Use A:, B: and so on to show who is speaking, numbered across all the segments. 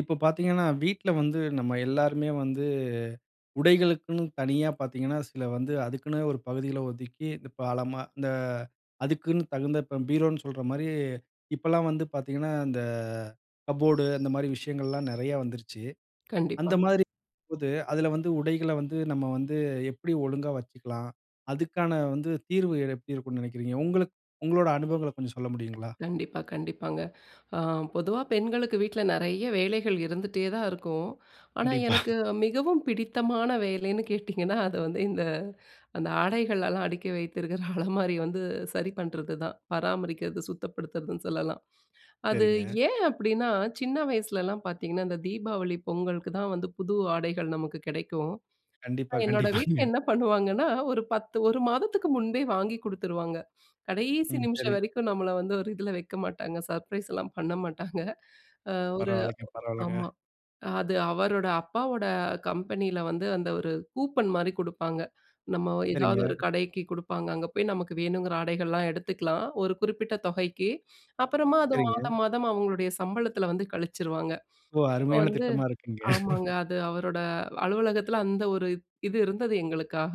A: இப்போ பார்த்திங்கன்னா வீட்டில வந்து நம்ம எல்லாருமே வந்து உடைகளுக்குன்னு தனியா பார்த்திங்கன்னா, சில வந்து அதுக்குன்னு ஒரு பகுதிகளை ஒதுக்கி, இப்போ அழமா இந்த அதுக்குன்னு தகுந்த இப்போ பீரோன்னு சொல்ற மாதிரி இப்போலாம் வந்து பார்த்திங்கன்னா, இந்த கப்போர்டு அந்த மாதிரி விஷயங்கள்லாம் நிறையா வந்துருச்சு. அந்த
B: கண்டிப்பாங்க.
A: மாதிரி இருக்கும் போது அதில வந்து உடைகள வந்து நம்ம வந்து எப்படி ஒழுங்கா வச்சுக்கலாம்? அதுக்கான வந்து தீர்வு எப்படி இருக்கும்னு நினைக்கிறீங்க? உங்களுக்கு உங்களோட அனுபவங்கள கொஞ்சம் சொல்ல முடியுங்களா?
B: கண்டிப்பா கண்டிப்பாங்க. அ பொதுவா பெண்களுக்கு வீட்டில நிறைய வேலைகள் இருந்துட்டேதான் இருக்கும். ஆனா
A: கண்டிப்பா.
B: எனக்கு மிகவும் பிடித்தமான வேலைன்னு கேட்டிங்கன்னா, அது வந்து இந்த அந்த ஆடைகள்லாம் அடுக்கி வைத்திருக்கிற அலமாரி வந்து சரி பண்ணுறதுதான், பராமரிக்கிறது, சுத்தப்படுத்துறதுன்னு சொல்லலாம். அது
A: சரிங்க.
B: ஏன் அப்படின்னா சின்ன வயசுலலாம் பார்த்திங்கன்னா, இந்த தீபாவளி பொங்கலுக்கு தான் வந்து புது ஆடைகள் நமக்கு கிடைக்கும்.
A: கண்டிப்பா
B: என்னோட வீட்டில
A: கண்டிப்பாங்க.
B: என்ன பண்ணுவாங்கன்னா, ஒரு 10 1 மாதத்துக்கு முன்பே வாங்கி கொடுத்துருவாங்க கடைசி
A: ம்
B: நிமிஷம்
A: சரி.
B: வரைக்கும் நம்மள வந்து ஒரு இதில வைக்க மாட்டாங்க, சர்ப்ரைஸ்லாம் பண்ண மாட்டாங்க ஒரு
A: பரவாயில்லங்க பரவாயில்லங்க.
B: ஆமா. அது அவரோட அப்பாவோட கம்பெனியில வந்து அந்த ஒரு கூப்பன் மாதிரி குடுப்பாங்க. நம்ம ஏதாவது
A: சரிங்க
B: ஒரு கடைக்கு குடுப்பாங்க. அங்கே போய் நமக்கு வேணுங்கிற ஆடைகள்லாம் எடுத்துக்கலாம், ஒரு குறிப்பிட்ட தொகைக்கு. அப்புறமா அது
A: சரிங்க.
B: மாதம் மாதம் அவங்களுடைய சம்பளத்தில் வந்து கழிச்சிருவாங்க.
A: ஓ!
B: அப்போ
A: அருமையான
B: வந்து
A: திட்டமா இருக்குங்க.
B: ஆமாங்க அது அவரோட அலுவலகத்தில் அந்த ஒரு இது இருந்தது எங்களுக்காக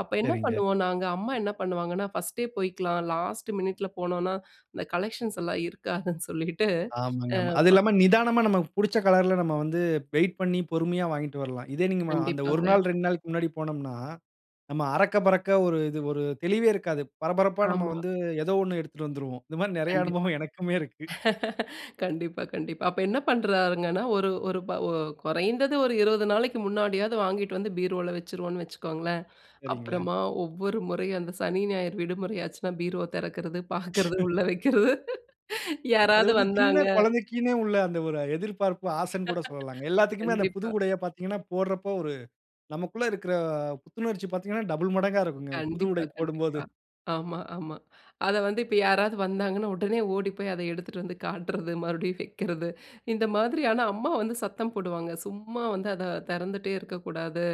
B: அப்போ என்ன
A: சரிங்க.
B: பண்ணுவோம், நாங்க அம்மா என்ன பண்ணுவாங்கன்னா, ஃபர்ஸ்ட்டே போய்க்கலாம் லாஸ்ட் மினிட்டில் போனோம்னா இந்த கலெக்ஷன்ஸ் எல்லாம் இருக்காதுன்னு சொல்லிட்டு.
A: ஆமாங்க
B: அ
A: ஆமா. அதுவும்
B: ஆமா.
A: இல்லாம நிதானமா நமக்கு புடிச்ச கலர்‌ல நம்ம வந்து வெயிட் பண்ணி பொறுமையா வாங்கிட்டு வரலாம். இதே நீங்க அந்த 1
B: கண்டிப்பாங்க.
A: நாள் 2 நாளுக்கு முன்னாடி போனோம்னா, நம்ம அறக்க பறக்க ஒரு இது ஒரு தெளிவே இருக்காது. பரபரப்பா நம்ம
B: ஆமா.
A: வந்து ஏதோ ஒண்ணு எடுத்துட்டு வந்துடுவோம். இந்த மாதிரி நிறைய
B: கண்டிப்பா.
A: அனுபவம் எனக்குமே இருக்கு.
B: கண்டிப்பா கண்டிப்பா. அப்போ என்ன பண்ணுறாருங்கன்னா, ஒரு ஒரு ப குறைந்தது ஒரு 20 நாளைக்கு முன்னாடியாவது வாங்கிட்டு வந்து பீரோவுல வச்சுருவோம்ன்னு வச்சுக்கோங்களேன்.
A: சரிங்களே.
B: அப்புறமா ஒவ்வொரு முறையும் அந்த சனி, ஞாயிறு விடுமுறை ஆச்சுன்னா பீரோ திறக்கிறது, பார்க்கிறது, உள்ளே வைக்கிறது
A: அது
B: யாராவது
A: வந்து சின்ன
B: வந்தாங்க
A: குழந்தைக்குன்னே உள்ள அந்த ஒரு எதிர்பார்ப்பு, ஆசைன்னு கூட சொல்லலாங்க. எல்லாத்துக்குமே அந்த புது
B: கண்டிப்பா.
A: உடையை பார்த்தீங்கன்னா, போடுறப்போ ஒரு நமக்குள்ள இருக்குற புத்துணர்ச்சி பார்த்தீங்கன்னா டபிள் மடங்கா இருக்குங்க, புது
B: கண்டிப்பா
A: உடை போடும்போது.
B: கண்டிப்பா. ஆமா ஆமா அத வந்து இப்போ யாராவது வந்தாங்கன்னா, உடனே ஓடி போய் அத எடுத்துட்டு வந்து காட்டுறது, மறுபடியும் வைக்கிறது. இந்த மாதிரியான அம்மா வந்து சத்தம் போடுவாங்க, "சும்மா வந்து அத திறந்துட்டே இருக்கக்கூடாது."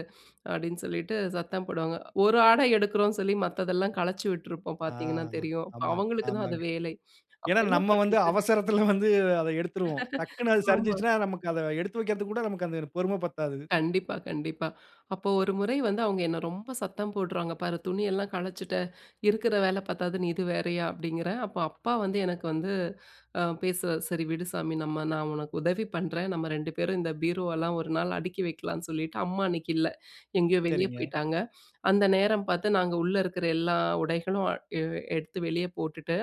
B: அப்படின்னு சொல்லிட்டு சத்தம் போடுவாங்க. ஒரு ஆடை எடுக்கிறோம்னு சொல்லி மத்ததெல்லாம் கலச்சி விட்டுருப்போம்
A: ஆ
B: பார்த்திங்கன்னா தெரியும்.
A: ஆமாங்க
B: அவங்களுக்கு தான் அது
A: ஆமாங்க.
B: வேலை. அப்போ
A: ஏன்னா,
B: என்ன
A: நம்ம வந்து
B: பண்றது?
A: அவசரத்துல வந்து அத எடுத்துடுவோம். டக்ன்னு அது
B: ஆமா.
A: சரிஞ்சுருச்சுனா நமக்கு அத எடுத்து வைக்கிறதுக்கு கூட நமக்கு அந்த பொறுமை பத்தாது.
B: கண்டிப்பா, கண்டிப்பா. அப்போ 1 வந்து அவங்க என்னை ரொம்ப சத்தம் போடுறாங்க "பாரு துணியெல்லாம் கலைச்சிட்ட, இருக்கிற வேலை பத்தாதுன்னு இது வேறையா?" அப்படிங்கிறேன் அப்போ அப்பா வந்து எனக்கு வந்து பேசு "சரி விடு சாமி நம்ம நான் உனக்கு உதவி பண்றேன் நம்ம 2 பேரும் இந்த பீரோவெல்லாம் ஒரு நாள் அடுக்கி வைக்கலாம்ன்னு." சொல்லிட்டு அம்மா அன்னைக்கு இல்ல. எங்கேயோ வெளியே
A: சரிங்க.
B: போயிட்டாங்க. அந்த நேரம் பார்த்து நாங்க உள்ளே இருக்கிற எல்லா உடைகளும் எ எடுத்து வெளியே போட்டுட்டு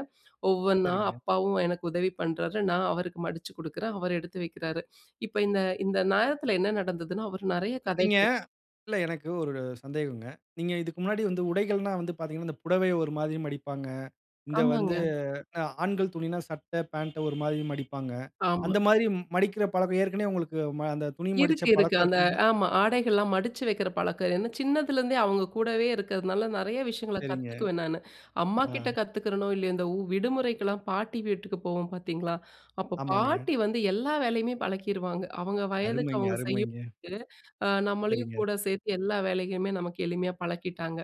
B: ஒவ்வொன்னா
A: சரிங்க.
B: அப்பாவும் எனக்கு உதவி பண்ணுறாரு, நான் அவருக்கு மடிச்சு கொடுக்குறேன். அவர் எடுத்து வைக்கிறாரு. இப்போ இந்த இந்த நேரத்தில என்ன நடந்ததுனா? அவர் நிறைய
A: இல்ல நீங்க
B: கதைகள்
A: இல்ல எனக்கு ஒரு சந்தேகங்க. நீங்க இதுக்கு முன்னாடி வந்து உடைகள்ன்னா வந்து பார்த்தீங்கன்னா, இந்த புடவையை ஒரு மாதிரி மடிப்பாங்க. இந்த வந்து
B: ஆமாங்க.
A: ஆ ஆண்கள் துணினா சட்டை பாண்ட் ஒரு மாதிரி மடிப்பாங்க.
B: ஆமா.
A: அந்த மாதிரி மடிக்கிற பழக்கம் ஏற்கனவே உங்களுக்கு அந்த துணி மடிச்ச
B: இருக்கு இருக்கு.
A: பழக்கம்
B: அந்த
A: இருக்குங்களா?
B: ஆமா ஆடைகள்லாம் மடிச்சு வைக்கிற பழக்கம். ஏன்னா, சின்னதுலேருந்தே அவங்க கூடவே இருக்கிறதுனால நிறைய விஷயங்கள
A: சரிங்க.
B: கத்துக்குவேன் நான்,
A: ஆ.
B: அம்மாகிட்ட கத்துக்கிறனோ இல்லையோ இந்த விடுமுறைக்கெல்லாம் பாட்டி வீட்டுக்கு போவோம் பார்த்தீங்களா, அப்போ
A: ஆமாங்க.
B: பாட்டி வந்து எல்லா வேலையுமே பழக்கிடுவாங்க. அவங்க வயதுக்கு
A: அருமைங்க,
B: அவங்க
A: அருமைங்க.
B: செய்யும்போது, அ நம்மளையும்
A: சரிங்க.
B: கூட சேர்த்து எல்லா வேலையுமே நமக்கு எளிமையா பழக்கிட்டாங்க.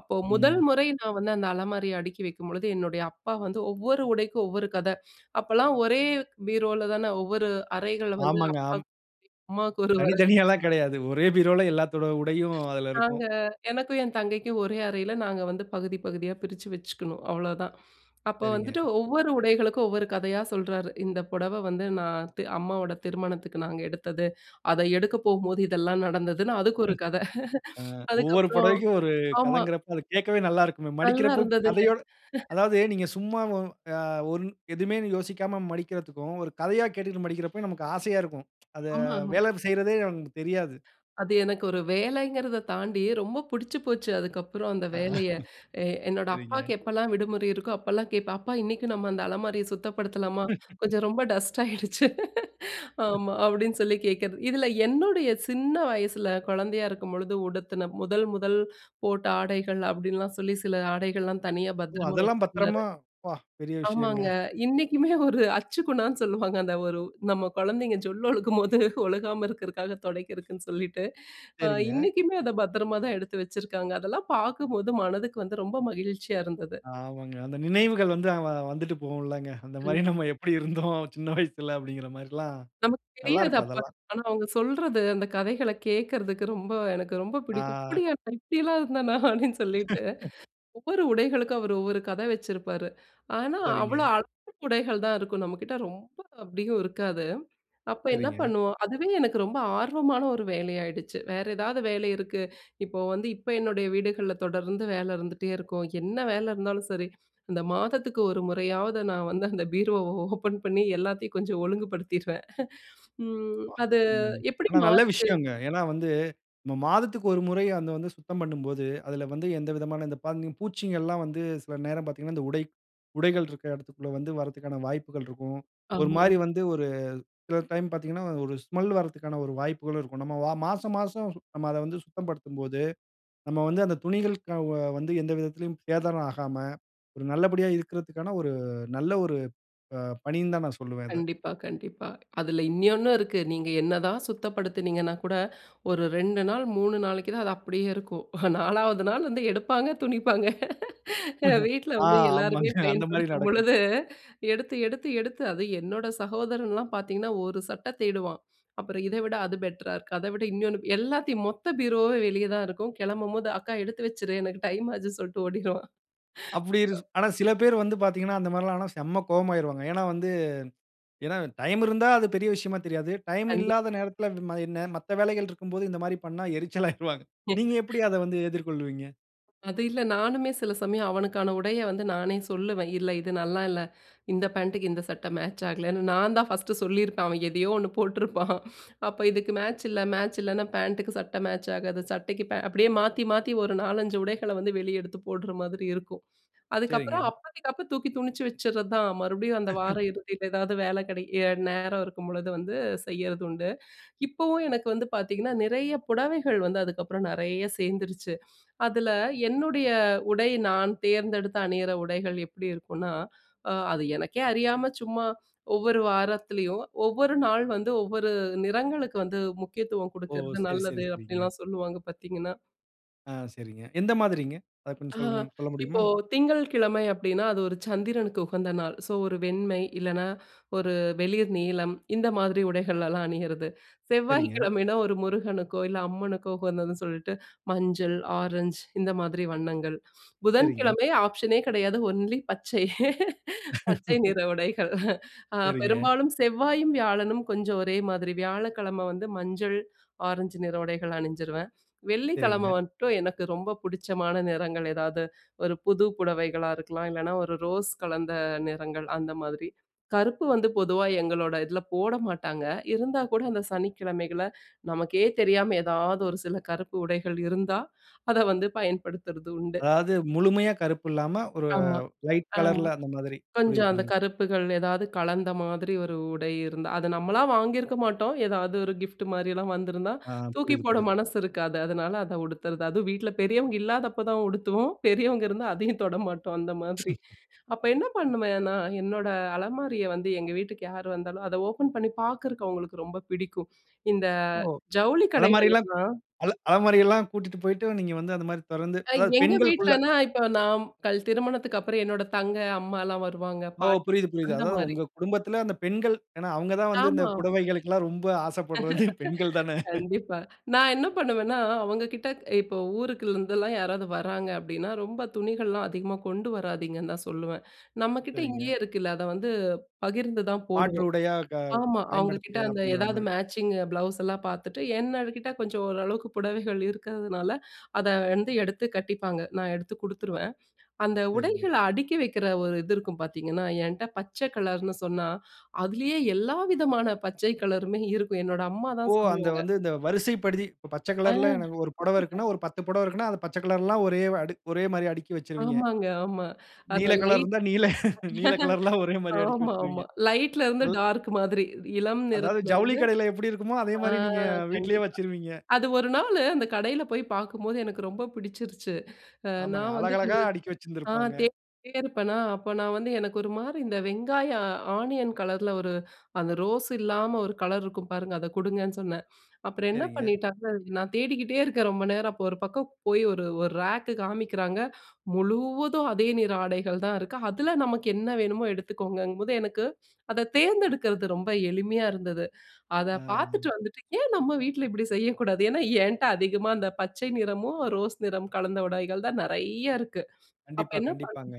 B: அப்போ 1
A: ம்.
B: முறை நான் வந்து அந்த அலமாரியை அடுக்கி வைக்கும்பொழுது என்னுடைய அப்பா வந்து ஒவ்வொரு உடைக்கும் ஒவ்வொரு கதை. அப்போலாம் ஒரே பீரோவில தான ஒவ்வொரு அறைகளை வந்து
A: ஆமாங்க.
B: அப்பாக்கு
A: ஆம்.
B: ஒரு அரை, அம்மாவுக்கு ஒரு அரை
A: தனித்தனியா எல்லாம் கிடையாது. ஒரே பீரோல எல்லாத்தோட உடையும் அதில இருக்கும்.
B: நாங்க எனக்கும், என் தங்கைக்கும் ஒரே அறையில நாங்க வந்து பகுதி, பகுதியா பிரிச்சு வச்சுக்கணும் அவ்வளோதான். அப்போ வந்துட்டு,
A: சரிங்க.
B: ஒவ்வொரு உடைகளுக்கும் ஒவ்வொரு கதையா சொல்றாரு. இந்த புடவை வந்து நான் தெ அம்மாவோட திருமணத்துக்கு நாங்க எடுத்தது. அத எடுக்கபோகும்போது இதெல்லாம் நடந்ததுன்னு, அதுக்கு ஒரு கத.
A: ஆ ஒவ்வொரு
B: அதுக்கப்புறம்
A: புடவைக்கும் ஒரு
B: ஆமா.
A: கதைங்கிறப்போ அதை கேட்கவே நல்லா இருக்குமே.
B: நல்லா
A: மடிக்கிறப்போ
B: இருந்ததுங்க.
A: கதையோட அதாவது நீங்க சும்மா அ ஒ எதுவுமே யோசிக்காம மடிக்கிறதுக்கும், ஒரு கதையா கேட்டுக்கிட்டு மடிக்கிறப்போயும் நமக்கு ஆசையா இருக்கும். அத
B: ஆமா ஆமா.
A: வேலை செய்வதே நமக்கு தெரியாது.
B: அது எனக்கு ஒரு வேலைங்கிறத தாண்டி ரொம்ப பிடிச்சு போச்சு அதுக்கப்புறம் அந்த வேலையை. எ என்னோட
A: சரிங்க.
B: அப்பாவுக்கு எப்போலாம் விடுமுறை இருக்கோ அப்போலாம் கேட்பேன், அப்பா இன்னைக்கு நம்ம அந்த அலமாரிய சுத்தப்படுத்தலாமா? கொஞ்சம் ரொம்ப டஸ்ட் ஆயிடுச்சு. ஆமா அப்படின்னு சொல்லி கேட்கிறது. இதில என்னுடைய சின்ன வயசுல குழந்தையா இருக்கும்பொழுது உடுத்துன 1 1 போட்ட ஆடைகள் அப்படின்லாம் சொல்லி சில ஆடைகள்லாம் தனியா
A: ஓ!
B: பத்திரமா
A: அதெல்லாம்
B: வச்சிருந்தாரு.
A: பத்திரமா, அப்பா! பெரிய விஷயம்ங்க.
B: ஆமாங்க இன்னைக்குமே ஒரு அச்சு குணான்னு சொல்லுவாங்க அந்த ஒரு நம்ம குழந்தைங்க ஜொல் ஒழுக்கும்போது ஒழுகாம இருக்கிறதுக்காக துடைக்கிறக்குன்னு சொல்லிட்டு
A: சரிங்க.
B: இன்னைக்குமே அதை பத்திரமா தான் எடுத்து வச்சிருக்காங்க. அதெல்லாம் பார்க்கும்போது மனதுக்கு வந்து ரொம்ப மகிழ்ச்சியா இருந்தது.
A: ஆமாங்க. அந்த நினைவுகள் வந்து வந்துட்டு போகும்லங்க. அந்த மாதிரி
B: கண்டிப்.
A: நாம எப்படி இருந்தோம்? சின்ன வயசுல அப்படிங்கிற மாதிரிலாம்
B: நமக்கு
A: நல்லா
B: தெரியாது
A: இருக்கும்
B: அப்போ.
A: அதெல்லாம்.
B: ஆனா அவங்க சொல்றது, அந்த கதைகளை கேட்கறதுக்கு ரொம்ப எனக்கு ரொம்ப பிடிக்கும்.
A: ஆ.
B: அப்படியா! நான் இப்படிலாம் இருந்தேனா, அப்படின்னு சொல்லிட்டு. ஒவ்வொரு உடைகளுக்கும் அவர் ஒவ்வொரு கதை வச்சிருப்பாரு. ஆனா அவ்வளோ
A: சரிங்க.
B: அளவு உடைகள் தான் இருக்கும் நம்ம கிட்ட ரொம்ப அப்படியும் இருக்காது. அப்போ என்ன
A: சரிங்க
B: பண்ணுவோம்? அதுவே எனக்கு ரொம்ப ஆர்வமான ஒரு வேலையாயிடுச்சு, வேறு ஏதாவது வேலை இருக்கு இப்போ வந்து இப்போ என்னுடைய வீடுகள்ல தொடர்ந்து வேலை இருந்துட்டே இருக்கும். என்ன வேலை இருந்தாலும் சரி, அந்த மாதத்துக்கு ஒரு முறையாவது நான் வந்து அந்த பீரோ ஓப்பன் பண்ணி எல்லாத்தையும் கொஞ்சம் ஒழுங்குபடுத்திடுவேன். ம்
A: பா
B: அது
A: ம்.
B: எப்படி
A: ஆனா நல்ல
B: மாறுது?
A: விஷயங்க. ஏன்னா வந்து மாதத்துக்கு 1 முறை அதை வந்து சுத்தம் பண்ணும்போது, அதில வந்து எந்த விதமான இந்த பங் பூச்சிகள் எல்லாம் வந்து சில நேரம் பார்த்தீங்கனா இந்த உடை உடைகள் இருக்கிற இடத்திற்குள்ள வந்து வருவதற்கான வாய்ப்புகள் இருக்கும். ஒரு மாதிரி
B: ஆமாங்க.
A: வந்து ஒரு சில டைம் பார்த்தீங்கனா ஒரு ஸ்மெல் வருவதற்கான ஒரு வாய்ப்புகளும் இருக்கும். நம்ம மாசம் மாசம் நம்ம அத வந்து சுத்தப்படுத்தும்போது, நம்ம வந்து அந்த துணிகள் வந்து, எந்த விதத்திலும் சேதாரம் ஆகாம ஒரு நல்லபடியாக இருக்கிறதுக்கான ஒரு நல்ல ஒரு பணின்னு தான் நான் சொல்லுவேன் இத.
B: கண்டிப்பா கண்டிப்பா. அதில இன்னொன்னும் இருக்குது. நீங்க என்னதான் சுத்தப்படுத்துனீங்கன்னா கூட, ஒரு 2 நாள் 3 நாளைக்கு தான் அது அப்படியே இருக்கும், 4 வது நாள் வந்து எடுப்பாங்க துணிப்பாங்க. வீட்டில
A: ஆ
B: வந்து
A: ஆமாங்க
B: எல்லாருமே
A: அந்த மாதிரி நடக்கும்.
B: பயன்படுத்தும்பொழுது எடுத்து, எடுத்து, எடுத்து அது என்னோட சகோதரன்லாம் பார்த்திங்கன்னா, ஒரு சட்டை தேடுவான் அப்புறம் இதை விட அது பெட்டரா இருக்கும். அத விட இன்னொன்னு எல்லாத்தையும் மொத்த பூரோவே வெளியே தான் இருக்கும் கிளம்பும்போது, அக்கா எடுத்து வச்சுடு, எனக்கு டைம் ஆச்சுன்னு சொல்லிட்டு ஓடிருவான்.
A: அப்டி ஆனா சில பேர் வந்து பார்த்தீர்கங்கன்னா அந்த மாதிரி எல்லாம் ஆனா செம்ம கோவமாகிடுவாங்க. ஏன்னா வந்து ஏன்னா டைம் இருந்தா அது பெரிய விஷயமா தெரியாது. டைம்
B: கண்டிப்.
A: இல்லாத நேரத்தில என்ன மத்த வேலைகள் இருக்கும்போது இந்த மாதிரி பண்ணா எரிச்சல் ஆகிருவாங்க. நீங்க எப்டி அதை வந்து எதிர்கொள்ளுவீங்க?
B: அது இல்ல. நானுமே சில சமயம் அவனுக்கான உடைய வந்து நானே சொல்லுவேன். இல்ல, இது நல்லா இல்ல. இந்த பேண்ட்டுக்கு இந்த சட்டை மேட்ச்சாகலன்னு, நான் தான் ஃபர்ஸ்ட்டு சொல்லியிருப்பேன். அவன் எதையோ ஒண்ணு போட்டுருப்பான். அப்போ இதுக்கு மேட்ச் இல்ல, மேட்ச் இல்லன்னா, பேண்ட்டுக்கு சட்டை மேட்ச் ஆகாது. சட்டைக்குபே அப்பிடியே மாத்தி, மாத்தி ஒரு 4,5 உடைகள வந்து வெளிய எடுத்து போடுற மாதிரி இருக்கும். அதுக்கப்புறம்
A: சரிங்க.
B: அப்போதைக்கு, அப்ப தூக்கி துணுச்சு வச்சிர்றதான். மறுபடியும் அந்த வார இறுதியில ஏதாவது வேல கிடைக்க எ நேரம் இருக்கும்பொழுது வந்து செய்யிறது உண்டு. இப்பவும் எனக்கு வந்து பார்த்தீங்கன்னா, நிறைய புடவைகள் வந்து அதுக்கப்பறம் நெறைய சேர்ந்துருச்சு. அதில என்னுடைய உடை நான் தேர்ந்தெடுத்து அணியிற உடைகள் எப்பிடி இருக்குன்னா, அ அது எனக்கே அறியாம சும்மா ஒவ்வொரு வாரத்துலயும், ஒவ்வொரு நாள் வந்து ஒவ்வொரு நிறங்களுக்கு வந்து முக்கியத்துவம்
A: ஓ!
B: குடுக்குறது
A: சரி, சரி,
B: நல்லது
A: சரிங்க.
B: அப்பிடிலாம் சொல்லுவாங்க. பார்த்தீங்கன்னா.
A: ஆ சரிங்க. எந்த மாதிரிங்க. அத கொஞ்சம்
B: ஆ
A: சொல்லுங்க, சொல்ல
B: இப்போ,
A: முடியுமா?
B: திங்கள்கிழமை அப்பிடின்னா அது ஒரு சந்திரனுக்கு உகந்த நாள். சோ, ஒரு வெண்மை இல்லன்னா, ஒரு வெளிர் நீலம் இந்த மாதிரி உடைகள் எல்லாம் அணியிறது.
A: சரிங்க.
B: செவ்வாய்க்கிழமைன்னா ஒரு முருகனுக்கோ! இல்ல அம்மனுக்கோ! உகந்ததுன்னு சொல்லிட்டு, மஞ்சள், ஆரஞ்ச் இந்த மாதிரி வண்ணங்கள்.
A: சரிங்க.
B: புதன்கிழமை ஆப்ஷனே கிடையாது. ஒன்லி பச்சை. பச்சை நிற உடைகள். அ
A: சரிங்க.
B: பெரும்பாலும் செவ்வாயும், வியாழனும் கொஞ்சம் ஒரே மாதிரி. வியாழக்கிழமை வந்து மஞ்சள், ஆரஞ்சு நிற உடைகள் அணிஞ்சிருவேன்.
A: சரிங்க.
B: வெள்ளிக்கிழமை மட்டும் எனக்கு ரொம்ப பிடிச்சமான நிறங்கள் ஏதாவது ஒரு புது புடவைகளா இருக்கலாம்! இல்லன்னா, ஒரு ரோஸ் கலந்த நிறங்கள் அந்த மாதிரி. கருப்பு வந்து பொதுவா எங்களோட இதில போட மாட்டாங்க. இருந்தா கூட, அந்த சனிக்கிழமைகள்ல நமக்கே தெரியாம எதாவது ஒரு சில கருப்பு உடைகள் இருந்தா, அத வந்து பயன்படுத்துறது உண்டு.
A: அதாவது முழுமையா கருப்பு இல்லாம ஒரு
B: ஆமா,
A: ஒயிட்
B: ஆமா.
A: கலர்‌ல அந்தமாதிரி புரியுது,
B: கொஞ்சம் அந்த
A: புரியுது.
B: கருப்புகள் ஏதாவது கலந்த மாதிரி ஒரு உடை இருந்தா. அது நம்மளா வாங்கியிருக்க மாட்டோம். ஏதாவது ஒரு கிஃப்ட் மாரியெ்லலாம் வந்திருந்தா,
A: ஆ.
B: தூக்கி
A: புரியுது,
B: போட
A: புரியுது.
B: மனசு இருக்காது. அதனால அத உடுத்துறது. அதுவும் வீட்ல பெரியவங்க இல்லாதப்ப தான் உடுத்துவோம். பெரியவங்க இருந்தா அதையும் தொட மாட்டோம் அந்த மாதிரி. அப்ப என்ன பண்ணுவேன்னா, என்னோட அலமாரிய வந்து எங்க வீட்டுக்கு யாரு வந்தாலும், அதை ஓப்பன் பண்ணி பார்க்குறக்கு அவுங்களுக்கு ரொம்ப பிடிக்கும். இந்த
A: ஓ!
B: ஜவுளி கடைகள்
A: அலமாரிலாம்
B: எல்லாம்
A: அல அலமாரி எல்லாம் கூட்டிட்டுப் போயிட்டு நீங்க வந்து அந்தமாரி திறந்து
B: எ
A: அதாவது
B: எங்க
A: பெண்களுக்குள்ள.
B: வீட்லன்னா இப்ப நான் கல் திருமணத்துக்கப்புறம் என்னோட தங்கை, அம்மாலாம் வருவாங்க.
A: ஓ!
B: பாட்டி
A: புரியுது, புரியுது. அதாவது
B: அந்தமாரி.
A: உங்க குடும்பத்தில அந்த பெண்கள் ஏன்னா, அவுங்க தான் வந்து இந்த
B: ஆமாமா.
A: புடவைகளுக்குலாம் ரொம்ப ஆசைப்பட்றது பெண்கள் தானே!
B: கண்டிப்பா. நான் என்ன பண்ணுவேன்னா, அவங்ககிட்ட இப்போ ஊருக்குலிருந்துலாம் யாராவது வராங்க அப்பிடின்னா, ரொம்ப துணிகள்லாம் அதிகமா கொண்டு வராதீங்கன்னு தான் சொல்லுவேன். நம்மக்கிட்ட
A: சரிங்க.
B: இங்கேயே இருக்குல்ல. அத வந்து பகிர்ந்து தான்
A: மாற்று
B: போடுவோம்.
A: உடையா க
B: ஆமா அவுங்க கிட்ட
A: பயன்படுத்திக்கலாம்
B: அந்த எதாவது
A: அப்பிடிங்கிறமாரி.
B: மேட்சிங் ப்ளவுஸ்லாம் பார்த்துட்டு என்ன அதுக்கிட்ட கொஞ்சம் ஓரளவுக்கு புடவைகள் இருக்கிறதுனால, அத வந்து எடுத்து கட்டிப்பாங்க. நான் எடுத்து குடுத்துருவேன். அந்த
A: சரிங்க.
B: உடைகள அடுக்கி வைக்கிற ஒரு இது இருக்கும் பார்த்தீங்கன்னா, என்ட்ட பச்சை கலர்னு சொன்னா, அதுலேயே எல்லா விதமான பச்சை கலருமே இருக்கும். என்னோட அம்மா
A: ஓ!
B: தான்
A: அந்த
B: சொல்லுவாங்க
A: வந்து இந்த வரிசைப்படுத்தி இப்ப பச்ச
B: ஆ.
A: கலர்‌ல எனக்கு ஒரு புடவ இருக்குன்னா, ஒரு 10 புடவ இருக்குன்னா, அது பச்ச கலர்லாம் ஒரே அடுக் ஒரேமாரியா அடுக்கி வச்சிருவீங்க.
B: ஆமாங்க. ஆமா. அந்த
A: நீல கலர்
B: லைட்
A: இருந்தா நீல, நீல கலர்லாம் ஒரேமாரியா அடுக்கி
B: ஆமா,
A: வச்சிருவீங்க.
B: ஆமா. லைட்‌ல இருந்து
A: ம்.
B: டார்க் மாதிரி இளம்
A: அதாவது
B: நிறத்துல
A: ஜவுளி
B: இருந்து,
A: கடையில எப்பிடி இருக்குமோ,
B: ஆ
A: அதேமாரி நீங்க வீட்டிலயே
B: கண்டிப்பா.
A: வச்சிருவீங்க.
B: அது ஒரு நாளு அந்த கடையில போய் பார்க்கும்போது எனக்கு ரொம்ப பிடிச்சிருச்சு. அ
A: ஆமாங்க.
B: நான் வந்து
A: அழகழகா
B: கொஞ்சம்
A: அடுக்கி
B: ஆ
A: வச்சிருந்துப்பாங்க.
B: தேடிட்டே இருப்பன்னா! அப்ப நான் வந்து எனக்கு ஒருமாரி இந்த வெங்காயம் ஆனியன் கலர்ல ஒரு அந்த ரோஸ் இல்லாம ஒரு கலர் இருக்கும் பாருங்க, அத குடுங்கன்னு சொன்னேன். அப்புறம் என்ன
A: சரிங்க.
B: பண்ணிட்டாங்கன்னா, நான் தேடிக்கிட்டே இருக்கேன் ரொம்ப நேரம். அப்போ ஒரு பக்கம் போய் ஒரு, ஒரு ரேக்கு காமிக்கிறாங்க. முழுவதும் அதே நிற ஆடைகள் தான் இருக்கு. அதுல நமக்கு என்ன வேணுமோ எடுத்துக்கோங்கங்கும்போது, எனக்கு அத தேர்ந்தெடுக்கிறது ரொம்ப எளிமையா இருந்தது. அத பார்த்துட்டு
A: ஆ.
B: வந்துட்டு ஏன் நம்ம வீட்ல இப்பிடி செய்யக்கூடாது? ஏன்னா ஏன்ட அதிகமா அந்த பச்சை நிறமும், ரோஸ் நிறம் கலந்த உடைகள் தான் நிறையா இருக்கு. அப்ப
A: கண்டிப்பா,
B: என்ன பண்ணுனேன்னா
A: கண்டிப்பாங்க.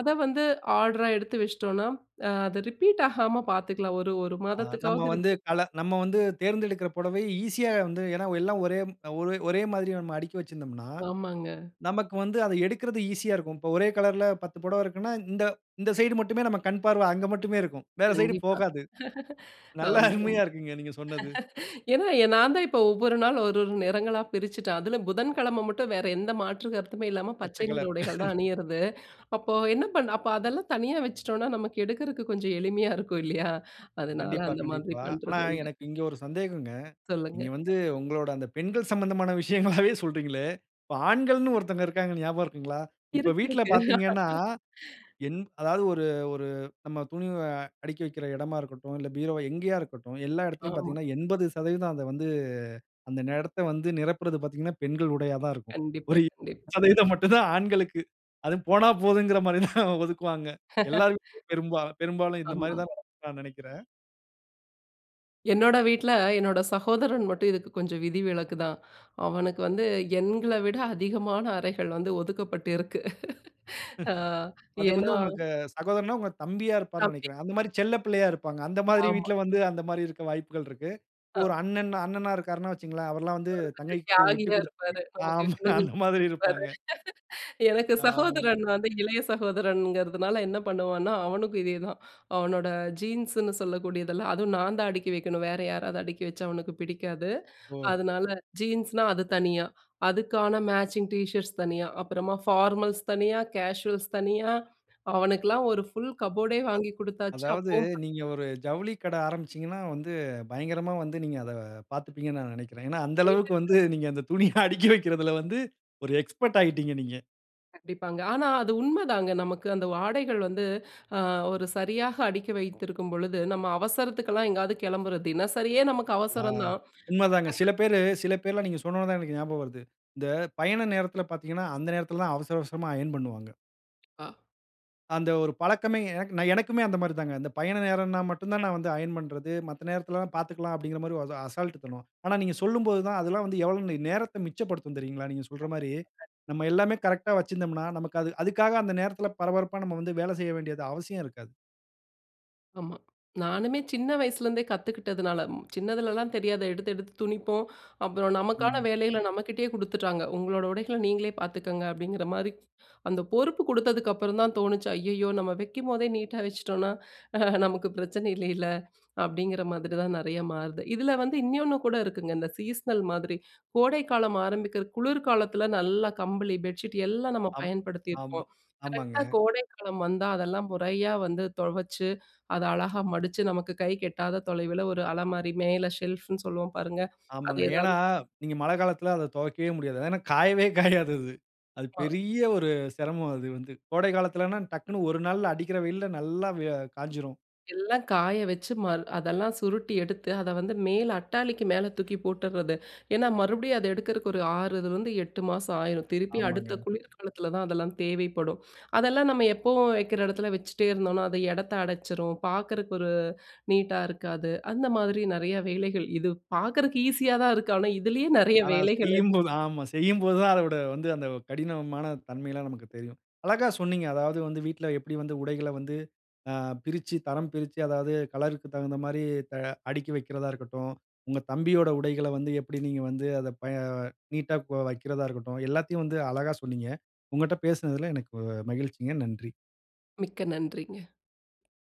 B: ...அத வந்து ஆர்டரா எடுத்து வச்சுட்டோன்னா, அ அத ரிப்பீட் ஆகாம பார்த்துக்கலாம். ஒரு, ஒரு
A: ஆ நம்ம
B: மாதத்துக்காவது
A: வந்து,
B: ரிப்பீட்
A: கல நம்ம வந்து தேர்ந்தெடுக்கிற புடவை ஈசியா வந்து ஏன்னா, எல்லாம் ஒரே ம் ஒரே ஒரேமாதிரி நம்ம அடுக்கி வச்சிருந்தம்னா,
B: ஆமாங்க.
A: நமக்கு வந்து அத எடுக்குறது ஈசியா இருக்கும். இப்போ ஒரே கலர்‌ல 10 புடவ இருக்குன்னா, இந்த, இந்த சைடு மட்டுமே நம்ம கண் பார்வ அங்க மட்டுமே இருக்கும். வேற சைடு
B: கண்டிப்பா.
A: போகாது. நல்ல
B: ஆமா, ஆமா.
A: அருமையா இருக்குங்க நீங்க சொன்னது.
B: ஏன்னா, நான் தான் இப்போ ஒவ்வொரு நாள் ஒரு, ஒரு நிறங்களா பிரிச்சுட்டேன். அதுல புதன்கிழமை மட்டும் வேற எந்த மாற்று கருத்துமே இல்லாம
A: பச்ச
B: பச்சை நிற
A: கலர்.
B: உடைகள் தான் அணியிறது. அப்போ என்ன பண் அப்ப அதெல்லாம் தனியா வச்சுட்டோன்னா, நமக்கு எடுக்கறக்கு கொஞ்சம் எளிமையா இருக்கும் இல்லயா! அதனால
A: கண்டிப்பா,
B: அந்த மாதிரி
A: கண்டிப்பா. ஆனா
B: பண்றது உண்டு.
A: எனக்கு இங்க ஒரு சந்தேகங்க.
B: சொல்லுங்க.
A: நீங்க வந்து உங்களோட அந்த பெண்கள் சம்மந்தமான விஷயங்களாகவே சொல்கிறீங்களே! இப்ப ஆண்கள்னு ஒருத்தங்க இருக்காங்க, ஞாபகம் இருக்குங்களா? இப்ப
B: இருக்கு,
A: வீட்ல
B: இருக்கு.
A: பார்த்தீங்கன்னா, என் அதாவது ஒரு, ஒரு நம்ம துணி அ அடிக்கி வைக்கிற இடமா இருக்கட்டும், இல்ல பீரோவ எங்கேயா இருக்கட்டும். எல்லா இடத்திலயும்
B: ஆமா.
A: பார்த்தீங்கன்னா, 80% அத வந்து அந்த இடத்த வந்து நிரப்புறது பார்த்தீங்கன்னா, பெண்கள் உடையா தான் இருக்கும்.
B: கண்டிப்பா,
A: ஒரு
B: கண்டிப்பா.
A: 20% மட்டும் தான் ஆண்களுக்கு. அதுவும் போனா போதுங்கிறமாரிதான் ஒதுக்குவாங்க. எல்லார் வீட்லயும் பெரும்பாலும் பெரும்பாலும் இந்தமாரி
B: ஆமா.
A: தான் நடக்குன்னு நான் நினைக்கிறேன்.
B: என்னோட வீட்ல, என்னோட சகோதரன் மட்டும், இதுக்கு கொஞ்சம் விதிவிலக்கு தான். அவனுக்கு வந்து, எங்கள விட அதிகமான அறைகள் வந்து ஒதுக்கப்பட்டிருக்கு. அ
A: அது
B: ஏன்னா?
A: வந்து உங்களுக்கு சகோதரன்னா, உங்க தம்பியா இருப்பார்ன்னு
B: [unintelligible]
A: நினைக்கிறேன். அந்த மாரி செல்ல பிள்ளையா இருப்பாங்க. அந்த மாதிரி
B: ஆமா.
A: வீட்ல வந்து, அந்த மாரி இருக்க வாய்ப்புகள் இருக்கு. இப்போ
B: அ.
A: ஒரு அண்ணன்-அண்ணனா இருக்கிறார்ன்னு வச்சிக்கோங்களேன், அவர்லாம் வந்து
B: அவரு கொஞ்சம்
A: தங்கைக்கு விட்டு
B: தியாகியா
A: குடுத்து
B: இருப்பாரு. நமக்கு [unintelligible]
A: ஆமா அந்த மாரி இருப்பாங்க.
B: எனக்கு
A: ஆமாங்க.
B: சகோதரன் வந்து இளைய சகோதரன்ங்கிறதுனால, என்ன பண்ணுவான்னா, அவனுக்கும் இதேதான். அவனோட ஜீன்ஸுன்னு சொல்லக்கூடியதெல்லாம் அதுவும் நான் தான் அடுக்கி வைக்கணும். வேறு யாராவது அடுக்கி வச்சா அவனுக்கு பிடிக்காது.
A: ஓ!
B: அதனால ஜீன்ஸ்னா அது தனியா, அதுக்கான மேட்சிங் டீஷர்ட்ஸ் தனியா, அப்புறமா ஃபார்மல்ஸ் தனியா, கேசுவல்ஸ் தனியா, அவனுக்கலாம் ஒரு ஃபுல் கபோர்டே
A: அ
B: வாங்கி குடுத்தாச்சு.
A: அதாவது,
B: அப்பவும்
A: நீங்க ஒரு ஜவுளி கடை ஆரம்பிசீங்கன்னா வந்து, பயங்கரமா வந்து நீங்க அத பாத்துப்பீங்கன்னு, நான் நினைக்கிறேன். ஏன்னா அந்த அளவுக்கு
B: [unintelligible]
A: வந்து, நீங்க அந்த துணிய அடுக்கி வைக்கிறதுல வந்து, ஒரு எக்ஸ்பர்ட் ஆயிட்டீங்க நீங்க.
B: கண்டிப்பாங்க. ஆனா அது உண்மதாங்க. நமக்கு அந்த ஆடைகள் வந்து அ ஒரு சரியாக அடிக்கி வைத்திருக்கும் பொழுது, நம்ம அவசரத்துக்கெல்லாம் எங்கேயாவது கெளம்புறது, தினசரியே நமக்கு
A: ஆ
B: அவசரம் தான்.
A: உண்ம தாங்க. சில
B: [unintelligible]
A: பேரு சில பேர்லாம் நீங்க சொன்னோன்ன தான் எனக்கு ஞாபகம் வருது. இந்த பயண நேரத்தில பாத்தீங்கன்னா அந்த நேரத்தில தான் அவசர அவசரமா அயர்ன் பண்ணுவாங்க.
B: அ.
A: அந்த ஒரு பழக்கமே எனக்கு எனக்குமே அந்த மாரி தான்ங்க. அந்த பயண நேரம்னா மட்டும் தான் நான் வந்து அயன் பண்றது. மத்த நேரத்திலல்லாம் பார்த்துக்கலாம் அப்டிங்கிற மாரி ஒரு அசால்ட் தனம். ஆனா, நீங்க சொல்லும்போது தான் அதெல்லாம் வந்து எவ்ளோ நேரத்தை மிச்சப்படுத்தும் தெரியுங்களா? நீங்க சொல்ற மாரி.
B: [unintelligible]
A: நம்ம எல்லாமே கரெக்ட்‌டா வச்சிருந்தோம்னா, நமக்கு அதுக் அதுக்காக அந்த நேரத்தில பரபரப்பா நம்ம வந்து வேலை செய்ய வேண்டியது அவசியம் இருக்காது.
B: ஆமா. நானுமே சின்ன வயசுலேருந்தே கத்துக்கிட்டதுனால, சின்னதுலலாம் தெரியாத எடுத்து எடுத்து துணிப்போம். அப்புறம் நமக்கான
A: ம்.
B: வேலைகளை நம்மகிட்டேயே குடுத்துட்டாங்க. உங்களோட உடைகள நீங்களே பார்த்துக்கோங்க. அப்டிங்கிற மாரி. அந்த பொறுப்பு குடுத்ததுக்கப்புறம் தான் தோணுச்சு. ஐய்யயோ! நம்ம வைக்கும்போதே நீட்டா வச்சுட்டோம்னா. நமக்கு பிரச்சனை இல்லைல, அப்டிங்கிற மாதிரி தான் நிறையா மாறுது. இதில வந்து இன்னொன்னு கூட இருக்குங்க, இந்த சீஸ்னல் மாதிரி கோடைக்காலம் ஆரம்பிக்கிற குளிர் காலத்தில நல்லா கம்பளி, பெட்ஷீட் எல்லாம் நம்ம
A: அம், ஆமா,
B: பயன்படுத்தியிருப்போம்
A: ஆமாங்க.
B: கரெக்டா கோடைக்காலம் வந்தா. அதெல்லாம் முறையா வந்து துவச்சு அத அழகா மடித்து நமக்கு கை கெட்டாத தொலைவில ஒரு அலமாரி மேல செல்ஃபுன்னு சொல்லுவோம் பாருங்க. அது
A: ஆமாங்க. ஏன்னா,
B: எதாவது
A: நீங்க மழை காலத்தில அத துவைக்கவே முடியாது. ஏன்னா காயவே காயாது அது. அது
B: ஆ.
A: பெரிய ஒரு சிரமம் அது வந்து கோடை காலத்துலன்னா டக்குன்னு ஒரு நாளில் அடிக்கிற வெயில்ல நல்லா வ காஞ்சிரும்.
B: எல்லாம் காய வச்சு ம அதெல்லாம் சுருட்டி எடுத்து அதை வந்து மேல அட்டாளிக்கு மேல தூக்கி போட்டுறது. ஏன்னா, மறுபடியும் அத எடுக்கிறதுக்கு ஒரு ஆறுலயிருந்து, 8 மாதம் ஆயிரும் திருப்பி அடுத்த
A: ஆமாங்க.
B: குளிர்காலத்தில தான் அதெல்லாம் தேவைப்படும். அதெல்லாம் நம்ம எப்பவும் வைக்கிற இடத்துல வச்சிட்டே இருந்தோம்னா. அது இடத்தை அடைச்சிடும், பார்க்கறதுக்கு ஒரு நீட்டா இருக்காது. அந்த மாதிரி நிறையா வேலைகள், இது பார்க்கறதுக்கு ஈஸியா தான் இருக்கு. ஆனா, இதுலயே நிறையா
A: ஆனா
B: வேலைகள் இ
A: செய்யும் போது ஆமா, செய்யும்போது தான் அதோட வந்து அந்த கடினமான தன்மைலாம் நமக்கு தெரியும். அழகா சொன்னீங்க. அதாவது வந்து வீட்ல எப்டி வந்து உடைகளை வந்து அ பிரிச்சு தரம் பிரிச்சு அதாவது கலர்‌க்கு தகுந்த மாரி தா அடுக்கி வைக்கிறதா இருக்கட்டும். உங்க தம்பியோட உடைகளை வந்து எப்டி நீங்க வந்து அத ப நீட்‌டா வைக்கிறதா இருக்கட்டும். எல்லாத்தையும் வந்து அழகா சொன்னீங்க. உங்கட்ட பேசுனதுல எனக்கு மகிழ்ச்சிங்க! நன்றி.
B: மிக்க நன்றிங்க.